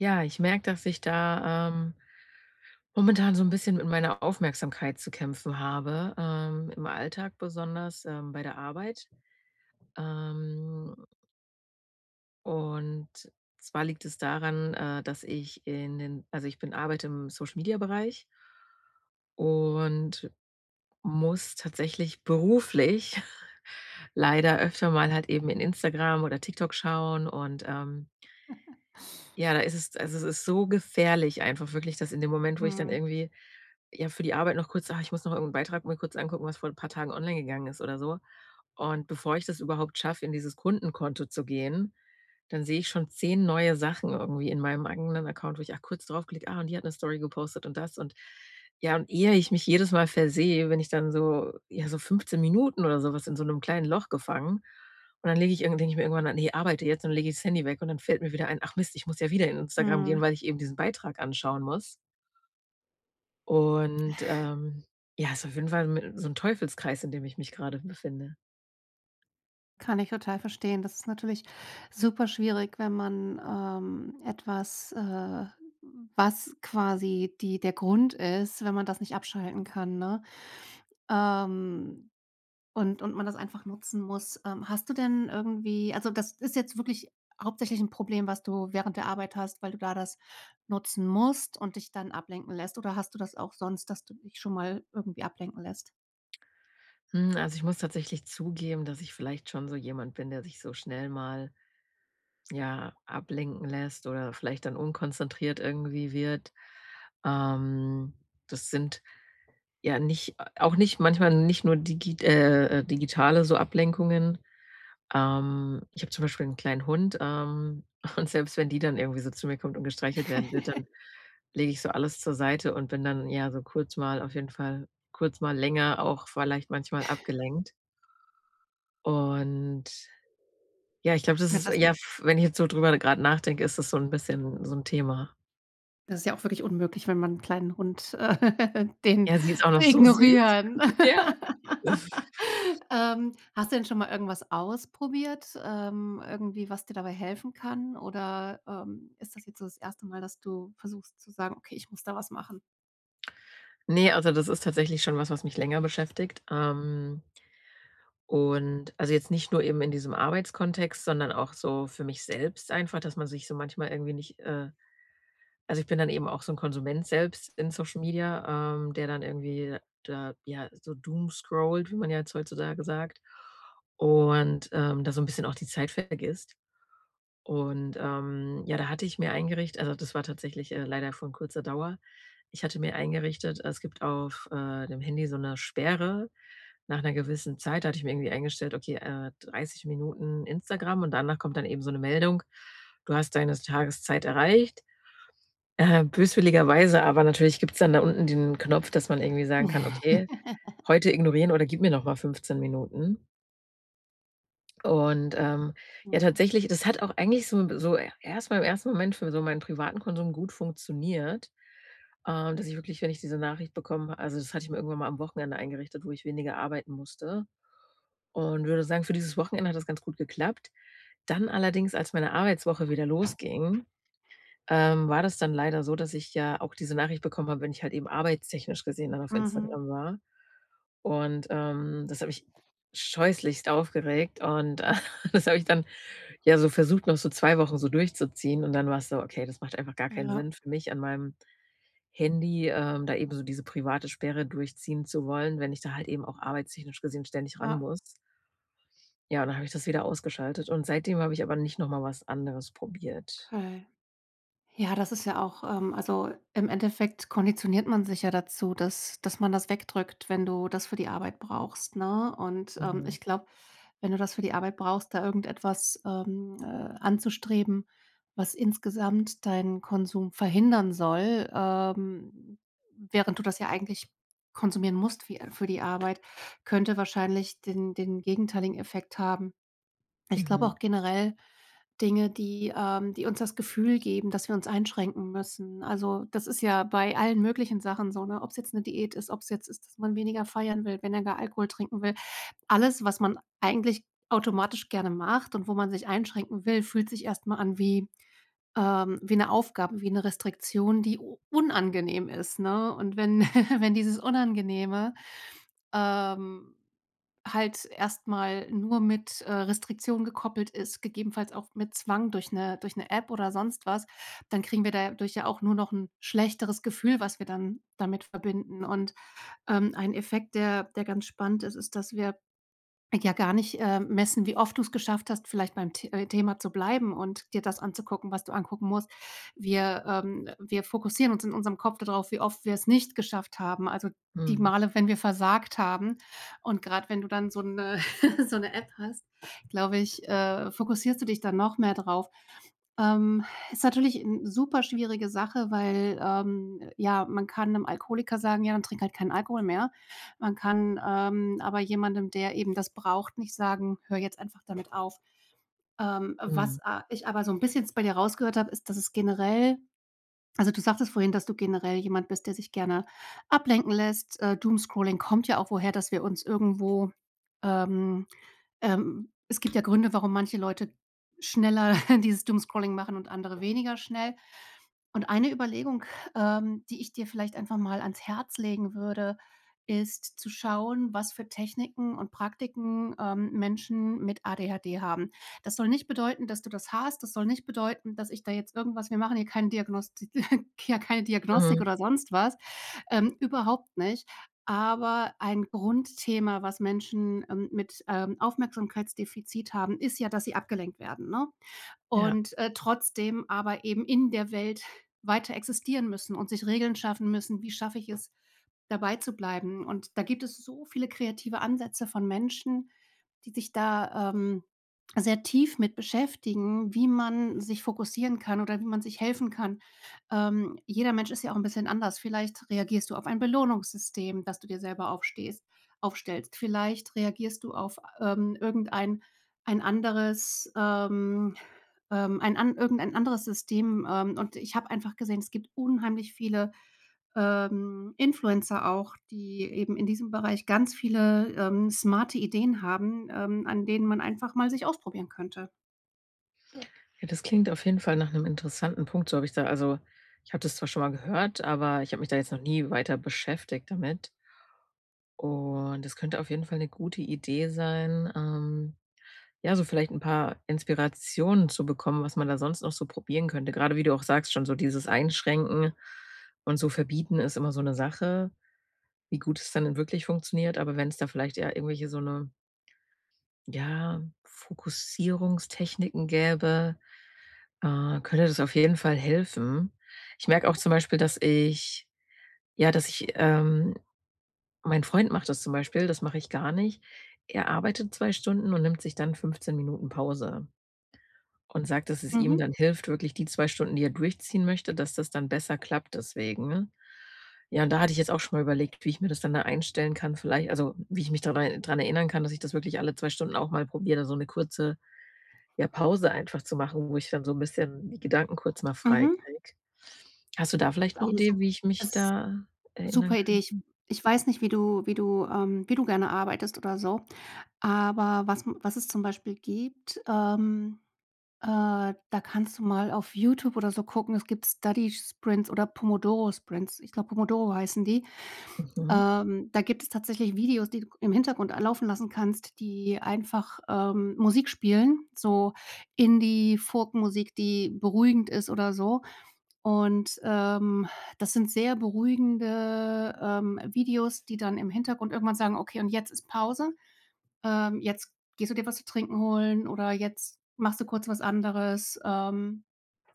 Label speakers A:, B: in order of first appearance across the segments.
A: Ja, ich merke, dass ich da, ähm momentan so 'n bisschen mit meiner Aufmerksamkeit zu kämpfen habe, ähm, im Alltag besonders, ähm, bei der Arbeit. Ähm und zwar liegt es daran, äh, dass ich in den also, ich bin arbeite im Social Media Bereich. Und muss tatsächlich beruflich leider öfter mal halt eben in Instagram oder TikTok schauen. Und, ähm ja, da ist es also, es ist so gefährlich einfach wirklich, dass in dem Moment, wo ich dann
B: Mhm.
A: irgendwie, ja, für die Arbeit noch kurz „Ah, ich muss noch irgend 'n Beitrag mir kurz angucken, was vor 'n paar Tagen online gegangen ist“, oder so. Und bevor ich das überhaupt schaffe, in dieses Kundenkonto zu gehen, dann sehe ich schon 10 neue Sachen irgendwie in meinem eigenen Account, wo ich auch kurz draufklicke: „Ah, und die hat 'ne Story gepostet, und das und“ ja, und ehe ich mich jedes Mal versehe, bin ich dann so ja, so 15 Minuten oder so was in so 'nem kleinen Loch gefangen. Und dann lege ich irgendw denke ich mir irgendwann: „Ah ne, arbeite jetzt und dann lege ich das Handy weg.“ Und dann fällt mir wieder ein: „Ach Mist, ich muss ja wieder in Instagram gehen,
B: Mhm.
A: weil ich eben diesen Beitrag anschauen muss.“ Und, ähm, ja ist auf jeden Fall mi so 'n Teufelskreis, in dem ich mich grade befinde.
B: Kann ich total verstehen. Das ist natürlich superschwierig, wenn man, ähm, etwas, äh, was quasi die der Grund ist, wenn man das nicht abschalten kann, ne? Ähm und und man das einfach nutzen muss, ähm. Hast du denn irgendwie also, das ist jetzt wirklich hauptsächlich 'n Problem, was du während der Arbeit hast, weil du da das nutzen musst und dich dann ablenken lässt? Oder hast du das auch sonst, dass du dich schon mal irgendwie ablenken lässt?
A: Hm, also, ich muss tatsächlich zugeben, dass ich vielleicht schon so jemand bin, der sich so schnell mal, ja, ablenken lässt oder vielleicht dann unkonzentriert irgendwie wird. Ähm, das sind ja nicht au auch nicht manchmal nicht nur digi äh, äh, digitale so Ablenkungen. Ähm, ich habe zum Beispiel 'n kleinen Hund, ähm, und selbst wenn die dann irgendwie so zu mir kommt und gestreichelt werden wird, dann lege ich so alles zur Seite und bin dann ja so kurz mal auf jeden Fall kurz mal länger auch vielleicht manchmal abgelenkt. Und ja, ich glaube, das
B: Hat
A: ist
B: das
A: ja, f wenn ich jetzt so drüber grad nachdenke, ist das so 'n bisschen so 'n Thema.
B: Das ja auch wirklich unmöglich, wenn man 'n kleinen Hund äh, den
A: Ja, sie ist auch noch
B: zu
A: so süß.
B: ignorieren.
A: Ja.
B: Ähm, hast du denn schon mal irgendwas ausprobiert, ähm, irgendwie was dir dabei helfen kann? Oder, ähm, ist das jetzt so das 1. Mal, dass du versuchst zu sagen: „Okay, ich muss da was machen?“
A: Ne, also, das ist tatsächlich schon was, was mich länger beschäftigt, ähm. Und, also, jetzt nicht nur eben in diesem Arbeitskontext, sondern auch so für mich selbst einfach, dass man sich so manchmal irgendwie nicht, äh also, ich bin dann eben auch so 'n Konsument selbst in Social Media, ähm, der dann irgendwie da, ja, so doomscrollt, wie man ja jetzt heutzutage sagt, und, ähm, da so 'n bisschen auch die Zeit vergisst. Und, ähm, ja, da hatte ich mir eingericht also, das war tatsächlich, äh, leider von kurzer Dauer. Ich hatte mir eingerichtet es gibt auf, äh, dem Handy so 'ne Sperre nach 'ner gewissen Zeit. Da hatte ich mir irgendwie eingestellt: „Okay, äh, 30 Minuten Instagram“ und danach kommt dann eben so 'ne Meldung: „Du hast deine Tageszeit erreicht.“ Äh, böswilligerweise aber natürlich gibt's dann da unten den Knopf, dass man irgendwie sagen kann: „Okay, heute ignorieren“ oder „Gib mir noch mal 15 Minuten.“ Und, ähm, ja,
B: Mhm.
A: tatsächlich das hat auch eigentlich so so erst mal im ersten Moment für so meinen privaten Konsum gut funktioniert, äh, dass ich wirklich, wenn ich diese Nachricht bekomme also, das hatte ich mir irgendwann mal am Wochenende eingerichtet, wo ich weniger arbeiten musste und würde sagen, für dieses Wochenende hat das ganz gut geklappt. Dann allerdings, als meine Arbeitswoche wieder losging, ähm, war das dann leider so, dass ich ja auch diese Nachricht bekommen habe, wenn ich halt eben arbeitstechnisch gesehen dann auf
B: Mhm.
A: Instagram war. Und, ähm, das hat mich scheußlichst aufgeregt und, äh, das habe ich dann, ja, so versucht, noch so 2 Wochen so durchzuziehen und dann war's so: „Okay, das macht einfach gar keinen
B: Ja.
A: Sinn für mich an meinem Handy, ähm, da eben so diese private Sperre durchziehen zu wollen, wenn ich da halt eben auch arbeitstechnisch gesehen ständig ran
B: Ja.
A: muss.“ Ja, und dann habe ich das wieder ausgeschaltet und seitdem habe ich aber nicht noch mal was anderes probiert.
B: Okay. Ja, das ist ja auch ähm, also, im Endeffekt konditioniert man sich ja dazu, dass dass man das wegdrückt, wenn du das für die Arbeit brauchst, ne? Und, ähm,
A: Mhm.
B: ich glaube, wenn du das für die Arbeit brauchst, da irgendetwas, ähm, äh, anzustreben, was insgesamt deinen Konsum verhindern soll, ähm, während du das ja eigentlich konsumieren musst fü äh, für die Arbeit, könnte wahrscheinlich den den gegenteiligen Effekt haben. Ich glaube auch
A: Mhm.
B: generell Dinge, die ähm, die uns das Gefühl geben, dass wir uns einschränken müssen. Also, das ist ja bei allen möglichen Sachen so, ne, ob's jetzt 'ne Diät ist, ob's jetzt ist, dass man weniger feiern will, weniger gar Alkohol trinken will. Alles, was man eigentlich automatisch gerne macht und wo man sich einschränken will, fühlt sich erst mal an wie ähm, wie 'ne Aufgabe, wie 'ne Restriktion, die u unangenehm ist, ne? Und wenn wenn dieses Unangenehme, ähm, halt erst mal nur mit, äh, Restriktionen gekoppelt ist, gegebenenfalls auch mit Zwang durch 'ne durch 'ne App oder sonst was, dann kriegen wir dadurch ja auch nur noch 'n schlechteres Gefühl, was wir dann damit verbinden. Und, ähm, ein Effekt, der der ganz spannend ist, ist, dass wir ja gar nicht, ähm, messen, wie oft du's geschafft hast, vielleicht beim The äh, Thema zu bleiben und dir das anzugucken, was du angucken musst. Wir ähm, wir fokussieren uns in unserem Kopf da drauf, wie oft wir's nicht geschafft haben, also, die
A: Mhm.
B: Male, wenn wir versagt haben. Und grad wenn du dann so 'ne so 'ne App hast, glaube ich, äh, fokussierst du dich dann noch mehr drauf. Ähm, ist natürlich 'n super schwierige Sache, weil, ähm, ja, man kann 'nem Alkoholiker sagen: „Ja, dann trink halt keinen Alkohol mehr.“ Man kann, ähm, aber jemandem, der eben das braucht, nicht sagen: „Hör jetzt einfach damit auf.“ Ähm,
A: Mhm.
B: was a ich aber so 'n bisschen jetzt bei dir rausgehört habe, ist, dass es generell also, du sagtest vorhin, dass du generell jemand bist, der sich gerne ablenken lässt. Äh, Doomscrolling kommt ja auch woher, dass wir uns irgendwo ähm, ähm, es gibt ja Gründe, warum manche Leute schneller dieses Doomscrolling machen und andere weniger schnell. Und eine Überlegung, ähm, die ich dir vielleicht einfach mal ans Herz legen würde, ist zu schauen, was für Techniken und Praktiken, ähm, Menschen mit ADHD haben. Das soll nicht bedeuten, dass du das hast. Das soll nicht bedeuten, dass ich da jetzt irgendwas wir machen hier keine Diagnosti ja, keine Diagnostik
A: Mhm.
B: oder sonst was, ähm, überhaupt nicht. Aber ein Grundthema, was Menschen, ähm, mit, ähm, Aufmerksamkeitsdefizit haben, ist ja, dass sie abgelenkt werden, ne?
A: Ja.
B: Und, äh, trotzdem aber eben in der Welt weiter existieren müssen und sich Regeln schaffen müssen: „Wie schaffe ich es, dabeizubleiben?“ Und da gibt es so viele kreative Ansätze von Menschen, die sich da, ähm, sehr tief mit beschäftigen, wie man sich fokussieren kann oder wie man sich helfen kann. Ähm, jeder Mensch ist ja auch 'n bisschen anders. Vielleicht reagierst du auf ein Belohnungssystem, das du dir selber aufstehst aufstellst. Vielleicht reagierst du auf, ähm, irgendein ein anderes ähm, ähm, ein an irgendein anderes System. Ähm, und ich habe einfach gesehen, es gibt unheimlich viele, ähm, Influencer auch, die eben in diesem Bereich ganz viele, ähm, smarte Ideen haben, ähm, an denen man einfach mal sich ausprobieren könnte.
A: Ja, das klingt auf jeden Fall nach 'nem interessanten Punkt, so habe ich da also, ich habe das zwar schon mal gehört, aber ich habe mich da jetzt noch nie weiter beschäftigt damit. Und es könnte auf jeden Fall 'ne gute Idee sein, ähm, ja, so vielleicht 'n paar Inspirationen zu bekommen, was man da sonst noch so probieren könnte. Gerade wie du auch sagst, schon so dieses Einschränken und so Verbieten ist immer so 'ne Sache, wie gut es dann in wirklich funktioniert. Aber wenn's da vielleicht eher irgendwelche, so 'ne ja, Fokussierungstechniken gäbe, äh, könnte das auf jeden Fall helfen. Ich merke auch zum Beispiel, dass ich ja, dass ich ähm, mein Freund macht das zum Beispiel, das mache ich gar nicht. Er arbeitet 2 Stunden und nimmt sich dann 15 Minuten Pause und sagt, dass es ihm
B: Mhm.
A: dann hilft, wirklich die 2 Stunden, die er durchziehen möchte, dass das dann besser klappt deswegen, ja und da hatte ich jetzt auch schon mal überlegt, wie ich mir das dann da einstellen kann vielleicht also, wie ich mich da, äh, dran erinnern kann, dass ich das wirklich alle 2 Stunden auch mal probiere, dann so 'ne kurze, ja, Pause einfach zu machen, wo ich dann so 'n bisschen die Gedanken kurz mal frei
B: Mhm.
A: kriege. Hast du da vielleicht 'ne
B: Auch 'ne
A: Idee,
B: sup
A: wie ich mich
B: es
A: da erinnern
B: super Idee. Ich
A: könnte?
B: ich weiß nicht, wie du wie du ähm, wie du gerne arbeitest oder so. Aber was m was es zum Beispiel gibt, ähm, äh, da kannst du mal auf Youtube oder so gucken, es gibt „Study Sprints“ oder „Pomodoro Sprints“. Ich glaube, „Pomodoro“ heißen die.
A: Mhm.
B: Ähm, da gibt es tatsächlich Videos, die du g im Hintergrund a laufen lassen kannst, die einfach, ähm, Musik spielen, so Indie Folk Musik, die beruhigend ist oder so. Und, ähm, das sind sehr beruhigende, ähm, Videos, die dann im Hintergrund irgendwann sagen: „Okay, und jetzt ist Pause, ähm, jetzt gehst du dir was zu Trinken holen“ oder: „Jetzt machst du kurz was anderes“, ähm,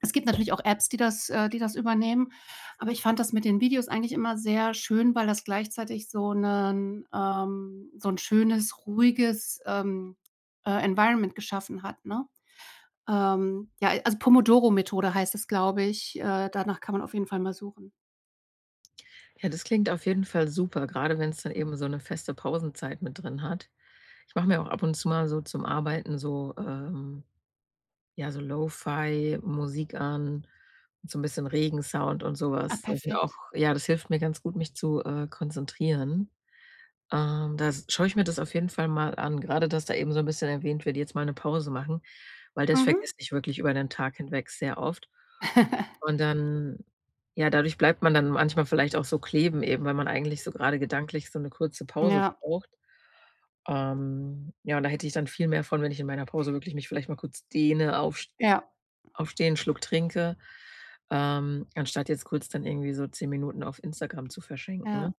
B: es gibt natürlich auch Apps, die das äh, die das übernehmen. Aber ich fand das mit den Videos eigentlich immer sehr schön, weil das gleichzeitig so 'nen ähm, so 'n schönes, ruhiges, ähm, äh, Environment geschaffen hat, ne? Ähm, ja, a also, „Pomodoro-Methode“ heißt es, glaube ich, äh, danach kann man auf jeden Fall mal suchen.
A: Ja, das klingt auf jeden Fall super, grade wenn's dann eben so 'ne feste Pausenzeit mit drin hat. Ich mache mir auch ab und zu mal so zum Arbeiten so, ähm, ja, so Lo-Fi-Musik an und so 'n bisschen Regensound und so
B: Ah,
A: was. Das sind auch
B: perfekt.
A: ja, das hilft mir ganz gut, mich zu, äh, konzentrieren. Ähm, da s schaue ich mir das auf jeden Fall mal an, grade du hast da eben so 'n bisschen erwähnt: „Werde jetzt mal 'ne Pause machen“, weil das
B: Mhm.
A: vergesse ich wirklich über den Tag hinweg sehr oft. Und dann ja, dadurch bleibt man dann manchmal vielleicht auch so kleben eben, weil man eigentlich so grade gedanklich so 'ne kurze Pause
B: Ja.
A: braucht. Ähm, ja, und da hätte ich dann viel mehr von, wenn ich in meiner Pause wirklich mich vielleicht mal kurz dehne, aufs
B: Ja.
A: aufstehen, 'n Schluck trinke, ähm, anstatt jetzt kurz dann irgendwie so 10 Minuten auf Instagram zu verschenken.
B: Ja.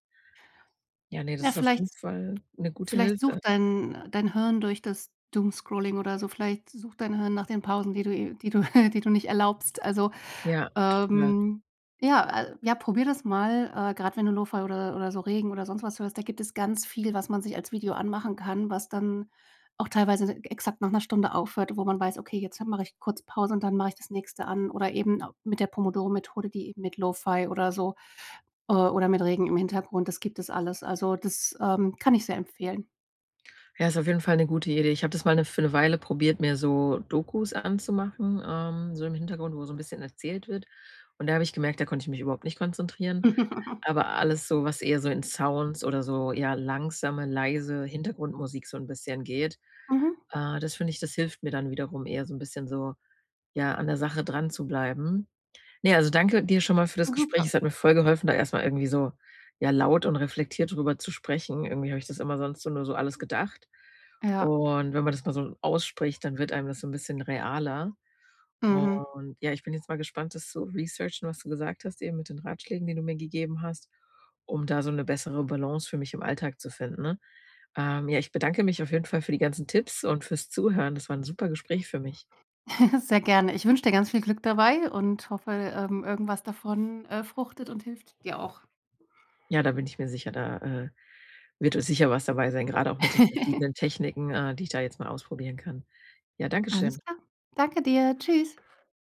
A: Ja, ne, das
B: Ja,
A: ist auf
B: vielleicht
A: jeden Fall 'ne gute
B: vielleicht
A: Hilfe.
B: sucht dein dein Hirn durch das Doomscrolling oder so vielleicht sucht dein Hirn nach den Pausen, die du die du die du nicht erlaubst. Also,
A: Ja, total.
B: ähm, ja, äh, ja, probier das mal. Äh, grad wenn du Lo-Fi oder oder so Regen oder sonst was hörst, da gibt es ganz viel, was man sich als Video anmachen kann, was dann auch teilweise exakt nach 'ner Stunde aufhört, wo man weiß: „Okay, jetzt mache ich kurz Pause und dann mache ich das Nächste an.“ Oder eben au mit der Pomodoro-Methode, die eben mit Lo-Fi oder so äh, o oder mit Regen im Hintergrund, das gibt es alles. Also, das, ähm, kann ich sehr empfehlen.
A: Ja, ist auf jeden Fall 'ne gute Idee. Ich habe das mal 'ne für 'ne Weile probiert, mir so Dokus anzumachen, ähm, so im Hintergrund, wo so 'n bisschen erzählt wird. Und da habe ich gemerkt: Da konnte ich mich überhaupt nicht konzentrieren. Aber alles so, was eher so in Sounds oder so ja, langsame, leise Hintergrundmusik so 'n bisschen geht,
B: Mhm.
A: äh, das finde ich, das hilft mir dann wiederum eher so 'n bisschen so, ja, an der Sache dran zu bleiben. Ne, also, danke dir schon mal für das
B: Hm,
A: Gespräch.
B: super.
A: Es hat mir voll geholfen, da erst mal irgendwie so, ja, laut und reflektiert drüber zu sprechen. Irgendwie habe ich das immer sonst so nur so alles gedacht.
B: Ja.
A: Und wenn man das mal so ausspricht, dann wird einem das so 'n bisschen realer.
B: Mhm.
A: Und, ja, ich bin jetzt mal gespannt, das zu researchen, was du gesagt hast, eben mit den Ratschlägen, den du mir gegeben hast, um da so 'ne bessere Balance für mich im Alltag zu finden, ne? Ähm, ja, ich bedanke mich auf jeden Fall für die ganzen Tipps und fürs Zuhören. Das war 'n super Gespräch für mich.
B: Sehr gerne. Ich wünsche dir ganz viel Glück dabei und hoffe, ähm, irgendwas davon, äh, fruchtet und hilft dir auch.
A: Ja, da bin ich mir sicher, da, äh, wird, äh, sicher was dabei sein, grad auch mit den verschiedenen Techniken, äh, die ich da jetzt mal ausprobieren kann. Ja,
B: Alles
A: Dankeschön.
B: klar. Danke dir. Tschüss.